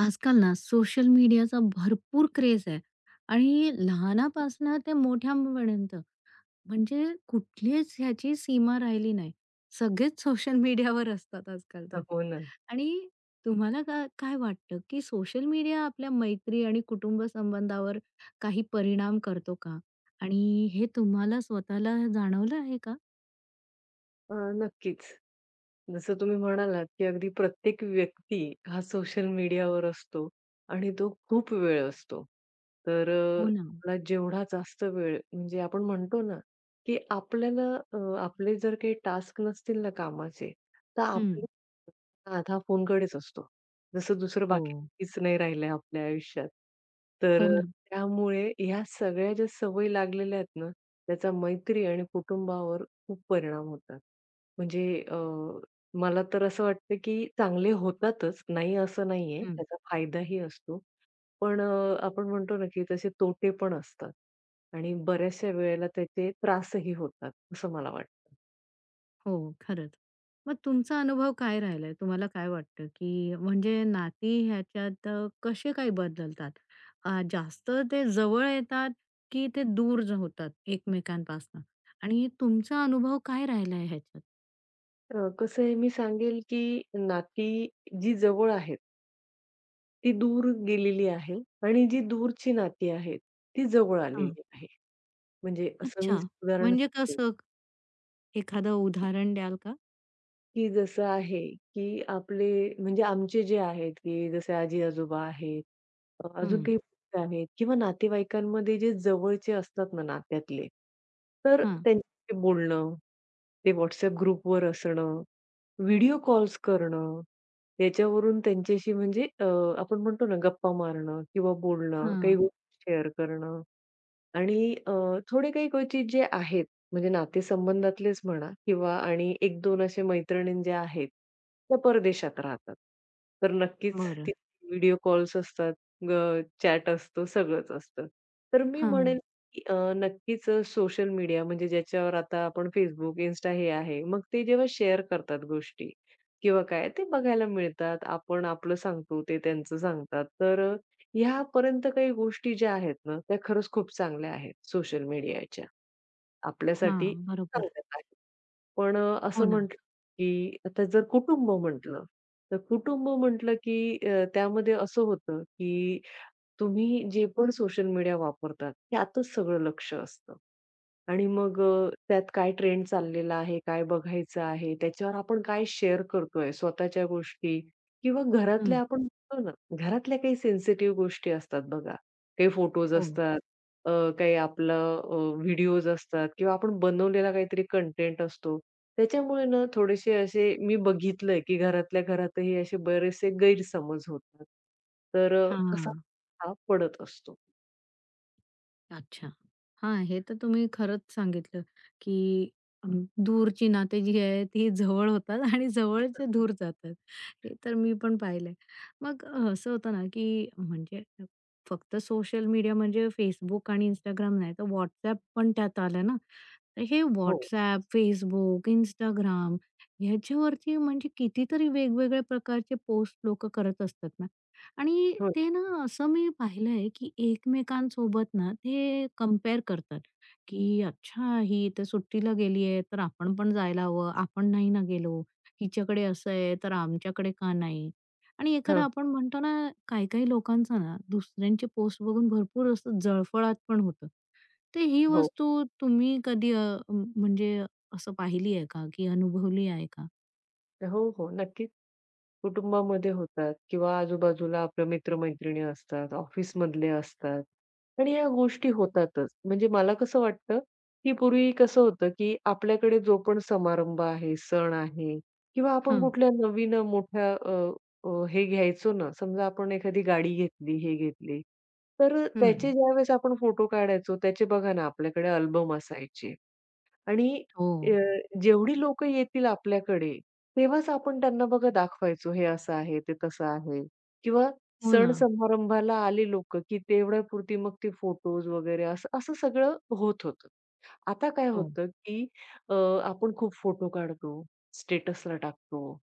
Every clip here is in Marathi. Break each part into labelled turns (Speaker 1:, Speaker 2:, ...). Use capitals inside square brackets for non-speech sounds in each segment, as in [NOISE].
Speaker 1: आजकाल ना, सोशल मीडियाचा भरपूर क्रेझ आहे आणि लहानपणापासून ते मोठ्यापर्यंत म्हणजे कुठलीच ह्याची सीमा राहिली नाही. सगळेच सोशल मीडियावर असतात आजकाल
Speaker 2: अ,
Speaker 1: तर.
Speaker 2: हो ना.
Speaker 1: आणि तुम्हाला काय-काय वाटतं, की सोशल मीडिया आपल्या मैत्री आणि कुटुंब संबंधावर काही परिणाम करतो का? आणि हे तुम्हाला स्वतःला जाणवलं आहे का?
Speaker 2: अ, नक्कीच. जसं तुम्ही म्हणालात, की अगदी प्रत्येक व्यक्ती, हा सोशल मीडियावर असतो आणि तो खूप वेळ असतो. तर अ,
Speaker 1: हो ना.
Speaker 2: आपला जेवढा जास्त वेळ म्हणजे आपण म्हणतो ना, की आपल्याला अ, आपले जर काही टास्क नसतील ना कामाचे, तर आपलं
Speaker 1: हं.
Speaker 2: [UNINTELLIGIBLE] आधा फोनकडेच असतो. जसं दुसरं
Speaker 1: हो.
Speaker 2: बाकीचं नाही राहिलंय आपल्या आयुष्यात. तर
Speaker 1: हो
Speaker 2: अ,
Speaker 1: ना.
Speaker 2: त्यामुळे ह्या सगळ्या ज्या सवयी लागलेल्या आहेत ना, त्याचा मैत्री आणि कुटुंबावर खूप परिणाम होतात. म्हणजे अ, मला तर असं वाटतं, की चांगले होतातच, नाही असं नाहीये.
Speaker 1: हं.
Speaker 2: त्याचा फायदाही असतो. पण अ, आपण म्हणतो ना, की तसे तोटे पण असतात आणि बऱ्याचशा वेळेला त्याचे त्रासही होतात. असं मला वाटतं.
Speaker 1: हो, खरंच. मग तुमचा अनुभव काय राहिलाय? तुम्हाला काय वाटतं, की म्हणजे नाती ह्याच्यात अ, कसे काय बदलतात? अ, जास्त ते जवळ येतात, की ते दूर होतात एकमेकांपासनं आणि तुमचा अनुभव काय राहिलाय ह्याच्यात?
Speaker 2: अ, कसं आहे, मी सांगेल, की नाती जी जवळ आहेत. ती दूर गेलेली आहे आणि जी दूरची नाती आहेत, ती जवळ
Speaker 1: हां.
Speaker 2: आलेली आहे. म्हणजे असं मी
Speaker 1: अच्छा,
Speaker 2: उदाहरण
Speaker 1: म्हणजे
Speaker 2: सांगेल.
Speaker 1: कसं? एखादं उदाहरण द्याल का?
Speaker 2: की जसं आहे, की आपले म्हणजे आमचे जे आहेत, की जसं आजी-आजोबा आहेत. अजून
Speaker 1: हं.
Speaker 2: काही [UNINTELLIGIBLE] आहेत किंवा नातेवाईकांमध्ये जे जवळचे असतात ना, नात्यातले. तर
Speaker 1: हां.
Speaker 2: त्यांच्याशी बोलणं, ते WhatsApp ग्रुपवर असणं, व्हिडिओ कॉल्स करणं. याच्यावरून त्यांच्याशी म्हणजे अ, आपण म्हणतो ना, गप्पा मारणं किंवा बोलणं, काही
Speaker 1: हां.
Speaker 2: गोष्टी शेअर करणं. आणि अ, थोडे काही क्वचित जे आहेत, म्हणजे नातेसंबंधातलेच म्हणा, किंवा आणि 1-2 अशा मैत्रिणी ज्या आहेत, त्या परदेशात राहतात. तर नक्कीच
Speaker 1: बरं.
Speaker 2: त्यांचे व्हिडिओ कॉल्स असतात, अ, चॅट असतो, सगळंच असतं. तर मी
Speaker 1: हां.
Speaker 2: म्हणेल, की अ, नक्कीच अ, सोशल मीडिया म्हणजे ज्याच्यावर आता आपण Facebook, Insta हे आहे. मग ते जेव्हा शेअर करतात गोष्टी किंवा काय, ते बघायला मिळतात. आपण आपलं सांगतो, ते त्यांचं सांगतात. तर अ, ह्यापर्यंत काही गोष्टी ज्या आहेत ना, त्या खरंच खूप चांगल्या आहेत. सोशल मीडियाच्या आपल्यासाठी
Speaker 1: हां, बरोबर.
Speaker 2: चांगल्याच आहेत. पण अ,
Speaker 1: हो
Speaker 2: असं
Speaker 1: ना.
Speaker 2: म्हटलं [UNINTELLIGIBLE] की, आता जर कुटुंब म्हटलं, तर कुटुंब म्हटलं, की अ, त्यामध्ये असं होतं, की तुम्ही जे पण सोशल मीडिया वापरतात, त्यातच सगळं लक्ष असतं. आणि मग अ, त्यात काय ट्रेंड चाललेला आहे, काय बघायचं आहे, त्याच्यावर आपण काय शेअर करतोय, स्वतःच्या गोष्टी किंवा
Speaker 1: हं.
Speaker 2: घरातल्या आपण [UNINTELLIGIBLE] घरातल्या काही सेन्सिटिव्ह गोष्टी असतात बघा, काही फोटोज
Speaker 1: हो.
Speaker 2: असतात, अ, काही आपलं अ, व्हिडिओज असतात किंवा आपण बनवलेला काहीतरी कंटेंट असतो. त्याच्यामुळे ना, थोडेसे असे मी बघितलंय, की घरातल्या घरातही असे बरेचसे गैरसमज होतात. तर अ, असा [UNINTELLIGIBLE]
Speaker 1: हां.
Speaker 2: हा पडत असतो.
Speaker 1: अच्छा, हां, हे तर तुम्ही खरंच सांगितलं, की दूरची अ, नाती जी आहेत, ती जवळ होतात आणि जवळचे दूर जातात. हे तर मी पण पाहिलंय. मग असं होतं ना, की म्हणजे फक्त सोशल मीडिया म्हणजे Facebook आणि Instagram नाही, तर WhatsApp पण त्यात आलं ना? तर हे
Speaker 2: हो.
Speaker 1: WhatsApp, Facebook, Instagram याच्यावरती म्हणजे कितीतरी वेगवेगळ्या प्रकारचे पोस्ट लोक करत असतात ना? आणि
Speaker 2: होय.
Speaker 1: ते ना असं, मी पाहिलंय, की एकमेकांसोबत ना ते कंपेअर करतात. की, अच्छा! ही तर सुट्टीला गेली आहे, तर आपण पण जायला हवं. आपण नाही ना गेलो. हिच्याकडे असं आहे, तर आमच्याकडे का नाही? आणि एखादा,
Speaker 2: हां.
Speaker 1: आपण म्हणतो ना, काही-काही लोकांचा ना दुसऱ्यांचे पोस्ट बघून भरपूर असा जळफळाट पण होतो. तर ही
Speaker 2: हो.
Speaker 1: वस्तू तुम्ही कधी अ, म म्हणजे असं पाहिली आहे का, की अनुभवली आहे का?
Speaker 2: हो, हो, नक्कीच. कुटुंबामध्ये होतात, किंवा आजूबाजूला आपल्या मित्र-मैत्रिणी असतात, ऑफिसमधले असतात, आणि या गोष्टी होतातच. म्हणजे मला कसं वाटतं? की पूर्वी कसं होतं, की आपल्याकडे जो पण समारंभ आहे, सण आहे, किंवा आपण
Speaker 1: हां.
Speaker 2: कुठल्या नवीन अ, मोठ्या अ, अ, हे घ्यायचो ना. समजा, आपण एखादी गाडी घेतली, हे घेतली, तर त्याचे
Speaker 1: हं.
Speaker 2: ज्यावेळेस आपण फोटो काढायचो त्याचे. बघा ना, आपल्याकडे अल्बम असायचे आणि अ,
Speaker 1: हो.
Speaker 2: जेवढी लोकं येतील आपल्याकडे तेव्हाच आपण त्यांना बघा दाखवायचो, हे असं आहे, ते तसं आहे. किंवा
Speaker 1: हो ना.
Speaker 2: सण-समारंभाला आले लोकं, की तेवढ्यापुरती मग ते फोटोज वगैरे असं, असं सगळं होत होतं. आता काय
Speaker 1: हो.
Speaker 2: होतं, की अ, आपण खूप फोटो काढतो, स्टेटसला टाकतो.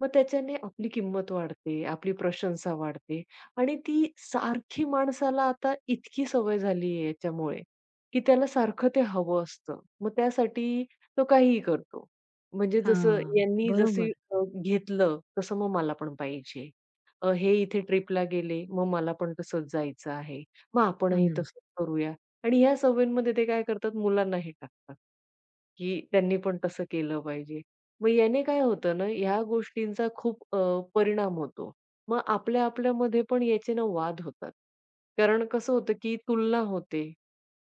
Speaker 2: मग त्याच्याने आपली किंमत वाढते, आपली प्रशंसा वाढते आणि ती सारखी माणसाला आता इतकी सवय झाली आहे याच्यामुळे, की त्याला सारखं ते हवं असतं. मग त्यासाठी तो काहीही करतो, म्हणजे जसं
Speaker 1: हां,
Speaker 2: यांनी जसं
Speaker 1: बरोबर.
Speaker 2: अ, घेतलं. तसं मग मला पण पाहिजे, हे इथे ट्रिपला गेले, मग मला पण तसंच जायचं आहे. मग आपणही
Speaker 1: हं.
Speaker 2: तसंच करूया, आणि ह्या सवयींमध्ये ते काय करतात? मुलांना हे टाकतात. की त्यांनी पण तसं केलं पाहिजे, मग याने काय होतं ना? या गोष्टींचा खूप अ, परिणाम होतो, मग आपल्या-आपल्यामध्ये पण याचे ना वाद होतात. कारण कसं होतं, की तुलना होते,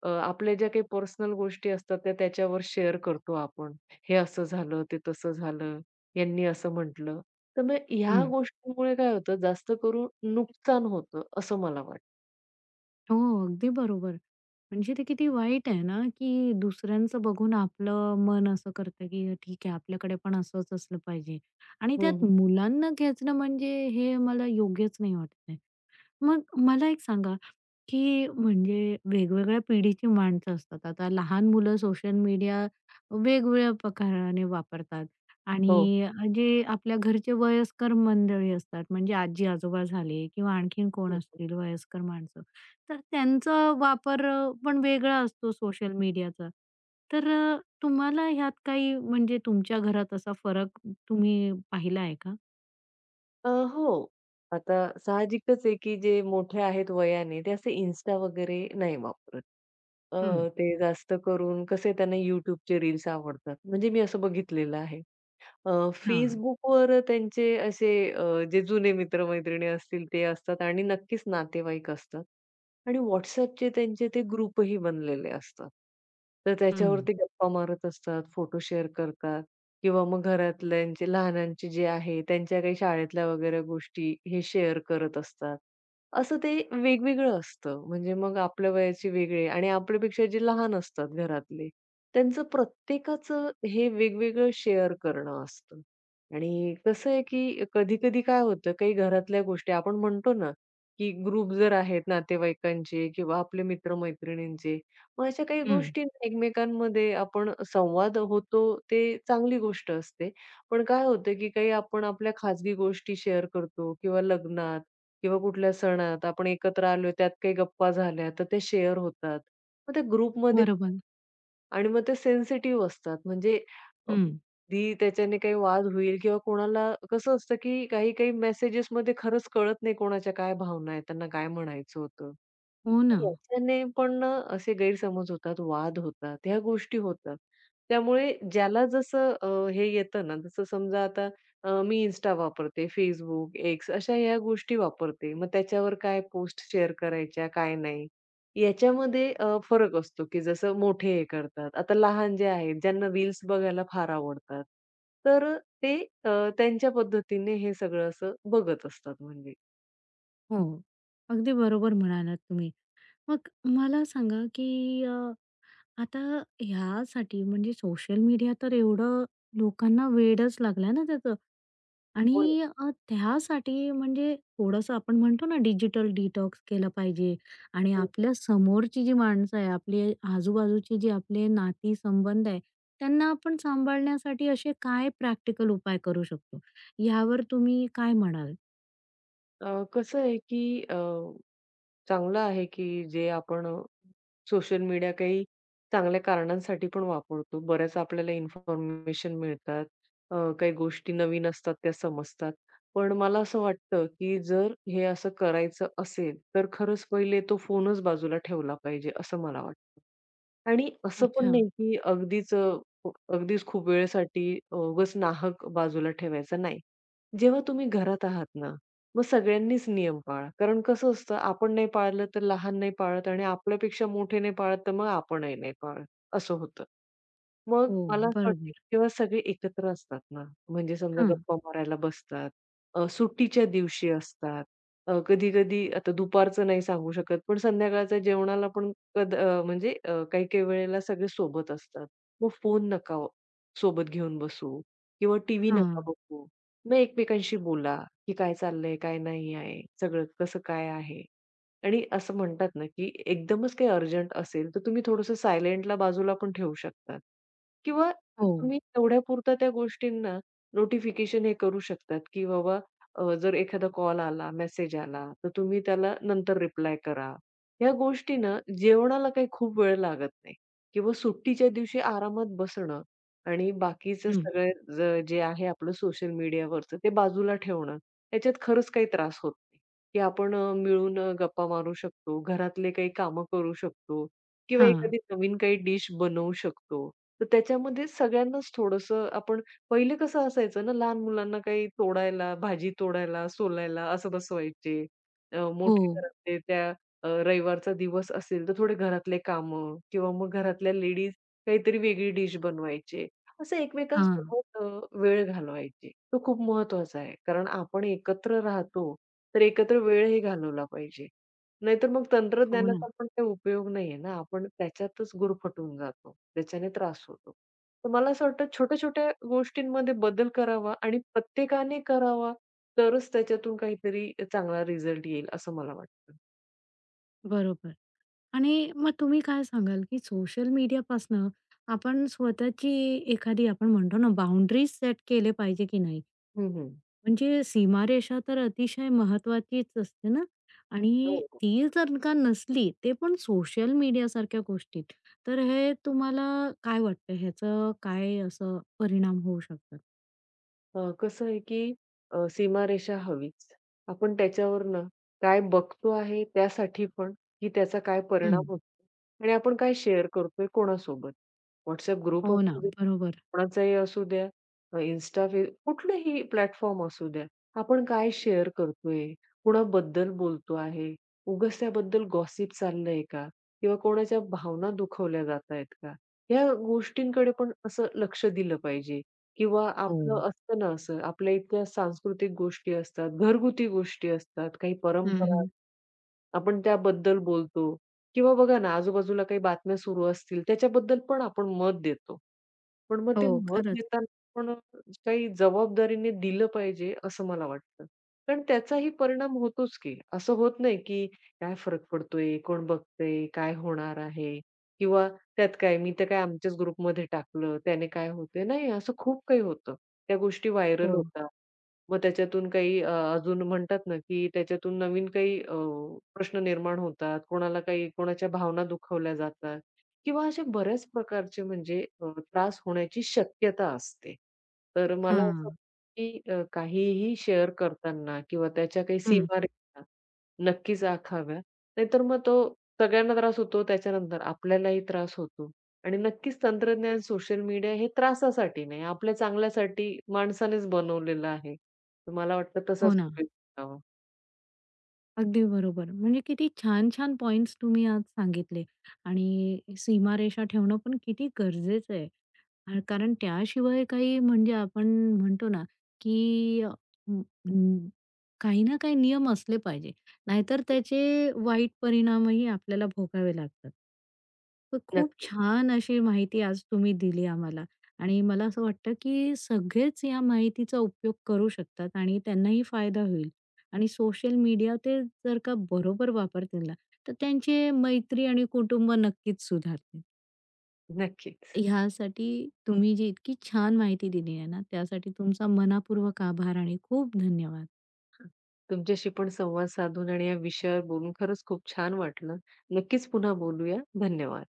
Speaker 2: अ, आपल्या ज्या काही पर्सनल गोष्टी असतात, त्या त्याच्यावर शेअर करतो आपण. हे असं झालं, ते तसं झालं, यांनी असं म्हटलं. तर मग ह्या
Speaker 1: हं.
Speaker 2: गोष्टीमुळे काय होतं? जास्त करून नुकसान होतं, असं मला वाटतं.
Speaker 1: हो. अगदी बरोबर. म्हणजे ते किती वाईट आहे ना, की दुसऱ्यांचं बघून आपलं मन असं करतं, की ठीक आहे, आपल्याकडे पण असंच असलं पाहिजे. आणि त्यात
Speaker 2: हं.
Speaker 1: मुलांना खेचणं, म्हणजे हे मला योग्यच नाही वाटत आहे. मग मला एक सांगा, की म्हणजे वेगवेगळ्या पिढीची माणसं असतात. आता लहान मुलं सोशल मीडिया वेगवेगळ्या प्रकाराने वापरतात
Speaker 2: हो.
Speaker 1: आणि अ, जे आपल्या घरचे वयस्कर मंडळी असतात, म्हणजे आजी-आजोबा झाले, किंवा आणखीन कोण
Speaker 2: हं, हं.
Speaker 1: असतील वयस्कर माणसं, तर त्यांचा वापर अ, पण वेगळा असतो सोशल मीडियाचा. तर अ, तुम्हाला ह्यात काही म्हणजे तुमच्या घरात असा फरक तुम्ही पाहिला आहे का?
Speaker 2: अ, हो. आता साहजिकच आहे, की जे मोठे आहेत वयाने, ते असे Insta वगैरे नाही वापरत. अ,
Speaker 1: हं.
Speaker 2: ते जास्त करून कसे, त्यांना YouTubeचे रील्स आवडतात. म्हणजे मी असं बघितलेलं आहे. अ,
Speaker 1: हां.
Speaker 2: Facebookवर त्यांचे असे अ, जे जुने मित्र-मैत्रिणी असतील, ते असतात आणि नक्कीच नातेवाईक असतात. आणि WhatsAppचे त्यांचे ते ग्रुपही बनलेले असतात. तर
Speaker 1: हं.
Speaker 2: त्याच्यावरती गप्पा मारत असतात, फोटो शेअर करतात, किंवा मग घरातल्यांचे लहानांचे जे आहे, त्यांच्या काही शाळेतल्या वगैरे गोष्टी हे शेअर करत असतात. असं ते वेगवेगळं असतं. म्हणजे मग आपल्या वयाचे वेगळे आणि आपल्यापेक्षा जे लहान असतात घरातले, त्यांचं प्रत्येकाचं हे वेगवेगळं शेअर करणं असतं. आणि कसं आहे, की कधी-कधी काय होतं, काही घरातल्या गोष्टी, आपण म्हणतो ना, की ग्रुपही जर आहेत नातेवाईकांचे किंवा आपले मित्र-मैत्रिणींचे, मग अशा काही
Speaker 1: हं.
Speaker 2: गोष्टी आहे ना एकमेकांमध्ये आपण संवाद होतो, ते चांगली गोष्ट असते. पण काय होतं, की काही आपण आपल्या खाजगी गोष्टी शेअर करतो किंवा लग्नात, किंवा कुठल्या सणात आपण एकत्र आलोय, त्यात काही गप्पा झाल्या, तर ते शेअर होतात. मग त्या ग्रुपमध्ये
Speaker 1: बरोबर.
Speaker 2: आणि मग ते सेन्सिटिव्ह असतात. म्हणजे अ,
Speaker 1: हं.
Speaker 2: कधी त्याच्याने काही वाद होईल किंवा कोणाला, कसं असतं, की काही-काही मेसेजेसमध्ये खरंच कळत नाही, कोणाच्या काय भावना आहेत. त्यांना काय म्हणायचं होतं.
Speaker 1: हो ना.
Speaker 2: याच्याने पण ना, असे गैरसमज होतात. वाद होतात. ह्या गोष्टी होतात. त्यामुळे ज्याला जसं अ, हे येतं ना, जसं समजा आता अ, मी Insta वापरते, Facebook, X अशा ह्या गोष्टी वापरते. मग त्याच्यावर काय पोस्ट शेअर करायच्या, काय नाही, याच्यामध्ये अ, फरक असतो. की जसं मोठे हे करतात. आता लहान जे आहेत, ज्यांना रील्स बघायला फार आवडतात, तर अ, ते अ, त्यांच्या पद्धतीने हे सगळं असं बघत असतात, म्हणजे.
Speaker 1: हो. अगदी बरोबर म्हणालात तुम्ही. मग मला सांगा, की अ, आता ह्यासाठी म्हणजे सोशल मीडिया तर एवढं लोकांना वेडच लागलं ना त्याचं
Speaker 2: हो ना.
Speaker 1: आणि अ, त्यासाठी म्हणजे थोडंसं, आपण म्हणतो ना, डिजिटल डिटॉक्स केलं पाहिजे आणि
Speaker 2: हो, हो.
Speaker 1: आपल्या समोरची जी माणसं आहे, आपले आजूबाजूची जी आपले नाती-संबंध आहेत, त्यांना आपण सांभाळण्यासाठी असे काय प्रॅक्टिकल उपाय करू शकतो? यावर तुम्ही काय म्हणाल?
Speaker 2: अ, कसं आहे, की अ, चांगलं आहे, की जे आपण अ, सोशल मीडिया काही चांगल्या कारणांसाठी पण वापरतो. बऱ्याच आपल्याला इन्फॉर्मेशन मिळतात, अ, काही गोष्टी नवीन असतात, त्या समजतात. पण मला असं वाटतं, की जर हे असं करायचं असेल, तर खरंच पहिले तो फोनच बाजूला ठेवला पाहिजे, असं मला वाटतं आणि असं पण
Speaker 1: अच्छा.
Speaker 2: नाही, की अगदीच अ, अगदीच खूप वेळसाठी अ, उगाच नाहक बाजूला ठेवायचा नाही. जेव्हा तुम्ही घरात आहात ना, मग सगळ्यांनीच नियम पाळा. कारण कसं असतं, आपण नाही पाळलं, तर लहान नाही पाळत आणि आपल्यापेक्षा मोठे नाही पाळत, तर मग आपणही नाही पाळत, असं होतं. मग
Speaker 1: हो.
Speaker 2: मला असं वाटतं,
Speaker 1: बरोबर.
Speaker 2: की ते सगळे एकत्र असतात ना, म्हणजे समजा
Speaker 1: हां.
Speaker 2: गप्पा मारायला बसतात. अ, सुट्टीच्या दिवशी असतात. अ, कधी-कधी आता दुपारचं नाही सांगू शकत, पण संध्याकाळच्या जेवणाला पण कद अ, म्हणजे अ, काही-काही वेळेला सगळे सोबत असतात, मग फोन नका, सोबत घेऊन बसू किंवा टीव्ही नका
Speaker 1: हां.
Speaker 2: बघू. मग एकमेकांशी बोला, की काय चाललंय? काय नाही आहे, सगळं कसं काय आहे? आणि असं म्हणतात ना, की एकदमच काही अर्जंट असेल, तर तुम्ही थोडंसं सायलेंटला बाजूला पण ठेऊ शकतात किंवा
Speaker 1: हो.
Speaker 2: तुम्ही तेवढ्यापुरता त्या गोष्टींना नोटिफिकेशन हे करू शकतात, की बाबा अ, जर एखादा कॉल आला, मेसेज आला, तर तुम्ही त्याला नंतर रिप्लाय करा. ह्या गोष्टींना जेवणाला काही खूप वेळ लागत नाही. किंवा सुट्टीच्या दिवशी आरामात बसणं आणि बाकीचं
Speaker 1: हं.
Speaker 2: सगळं जे आहे, आपलं सोशल मीडियावरचं ते बाजूला ठेवणं, याच्यात खरंच काही त्रास होत नाही, की आपण अ, मिळून गप्पा मारू शकतो. घरातले काही कामं करू शकतो किंवा
Speaker 1: हां.
Speaker 2: एखादी नवीन काही डिश बनवू शकतो. तर त्याच्यामध्ये सगळ्यांनाच थोडंसं, आपण पहिले कसं असायचं ना, लहान मुलांना काही तोडायला, भाजी तोडायला, सोलायला असं बसवायचे. अ, मोठ्या
Speaker 1: हो.
Speaker 2: घरातले त्या अ, रविवारचा दिवस असेल, तर थोडे घरातले कामं किंवा मग घरातल्या लेडीज काहीतरी वेगळी डिश बनवायचे. असं
Speaker 1: हां.
Speaker 2: एकमेकांसोबत अ, वेळ घालवायचे. तो खूप महत्त्वाचा आहे. कारण आपण एकत्र राहतो, तर एकत्र वेळही घालवला पाहिजे. नाहीतर मग
Speaker 1: हो ना.
Speaker 2: तंत्रज्ञानाचा पण काही उपयोग नाहीये ना. आपण त्याच्यातच गुरफटून जातो. त्याच्याने त्रास होतो. तर मला असं वाटतं, छोट्या-छोट्या गोष्टींमध्ये बदल करावा आणि प्रत्येकाने करावा. तरच त्याच्यातून काहीतरी अ, चांगला रिझल्ट येईल, असं मला वाटतं.
Speaker 1: बरोबर. आणि मग तुम्ही काय सांगाल, की सोशल मीडियापासनं आपण स्वतःची, एखादी आपण म्हणतो ना, बाउंडरीज सेट केल्या पाहिजेत की नाही?
Speaker 2: हं, हं.
Speaker 1: म्हणजे सीमारेषा तर अतिशय महत्त्वाचीच असते ना?
Speaker 2: हो,
Speaker 1: आणि
Speaker 2: हो.
Speaker 1: ती जर का नसली, ते पण सोशल मीडियासारख्या गोष्टीत, तर हे तुम्हाला काय वाटतं? ह्याचे काय असं परिणाम होऊ शकतात?
Speaker 2: अ, कसं आहे, की अ, सीमारेषा हवीच. आपण त्याच्यावरनं काय बघतो आहे, त्यासाठी पण, की त्याचा काय परिणाम
Speaker 1: हं.
Speaker 2: होतो आणि आपण काय शेअर करतोय, कोणासोबत. WhatsApp ग्रुप
Speaker 1: हो ना.
Speaker 2: असू दे,
Speaker 1: बरोबर.
Speaker 2: कोणाचाही असू द्या, Insta, फेस कुठलाही प्लॅटफॉर्म असू द्या, आपण काय शेअर करतोय, कुणाबद्दल बोलतो आहे, उगाच त्याबद्दल गॉसिप चाललंय का? किंवा कोणाच्या भावना दुखवल्या जातायेत का? ह्या गोष्टींकडे पण असं लक्ष दिलं पाहिजे. किंवा आपलं
Speaker 1: हो.
Speaker 2: असतं ना असं, आपल्या इतक्या सांस्कृतिक गोष्टी असतात, घरगुती गोष्टी असतात, काही
Speaker 1: हं,
Speaker 2: परंपरा.
Speaker 1: हं.
Speaker 2: आपण त्याबद्दल बोलतो किंवा बघा ना, आजूबाजूला काही बातम्या सुरू असतील, त्याच्याबद्दल पण आपण मत देतो. पण मग ते
Speaker 1: हो,
Speaker 2: मत
Speaker 1: खरंच.
Speaker 2: देताना पण काही जबाबदारीने दिलं पाहिजे, असं मला वाटतं. कारण त्याचाही परिणाम होतोच की. असं होत नाही, की काय फरक पडतोय? कोण बघतंय? काय होणार आहे? किंवा त्यात काय, मी तर काय आमच्याच ग्रुपमध्ये टाकलं. त्याने काय होतंय? नाही, असं खूप काही होतं. त्या गोष्टी व्हायरल
Speaker 1: हो.
Speaker 2: होतात. मग त्याच्यातून काही अ, अजून म्हणतात ना, की त्याच्यातून नवीन काही अ, प्रश्न निर्माण होतात. कोणाला काही, कोणाच्या भावना दुखावल्या जातात किंवा अशा बऱ्याच प्रकारचे म्हणजे अ, त्रास होण्याची शक्यता असते. तर मला असं वाटतं,
Speaker 1: हां.
Speaker 2: की अ, काहीही शेअर करताना किंवा त्याच्या काही
Speaker 1: हं.
Speaker 2: सीमारेषा नक्कीच आखाव्या. नाहीतर मग तो सगळ्यांना त्रास होतो. त्याच्यानंतर आपल्यालाही त्रास होतो आणि नक्कीच तंत्रज्ञान, सोशल मीडिया हे त्रासासाठी नाही, आपल्या चांगल्यासाठी माणसानेच बनवलेलं आहे. तर मला वाटतं, तसाच
Speaker 1: हो ना.
Speaker 2: उपयोग करावा.
Speaker 1: अगदी बरोबर. म्हणजे किती छान-छान पॉईंट्स तुम्ही आज सांगितले. आणि सीमारेषा ठेवणं पण किती गरजेचं आहे, कारण त्याशिवाय काही म्हणजे आपण म्हणतो ना, की अ, अ, काही ना काही नियम असले पाहिजे. नाहीतर त्याचे वाईट परिणामही आपल्याला भोगावे लागतात. तर खूप
Speaker 2: नक्कीच.
Speaker 1: छान अशी माहिती आज तुम्ही दिली आम्हाला. आणि मला असं वाटतं, की सगळेच या माहितीचा उपयोग करू शकतात आणि त्यांनाही फायदा होईल. आणि सोशल मीडिया ते जर का बरोबर वापरतील ना, तर त्यांचे मैत्री आणि कुटुंब नक्कीच सुधारतील.
Speaker 2: नक्कीच.
Speaker 1: ह्यासाठी तुम्ही जी इतकी छान माहिती दिली आहे ना, त्यासाठी तुमचा मनःपूर्वक आभार आणि खूप धन्यवाद.
Speaker 2: हां, तुमच्याशी पण संवाद साधून आणि या विषयावर बोलून खरंच खूप छान वाटलं. नक्कीच पुन्हा बोलूया. धन्यवाद.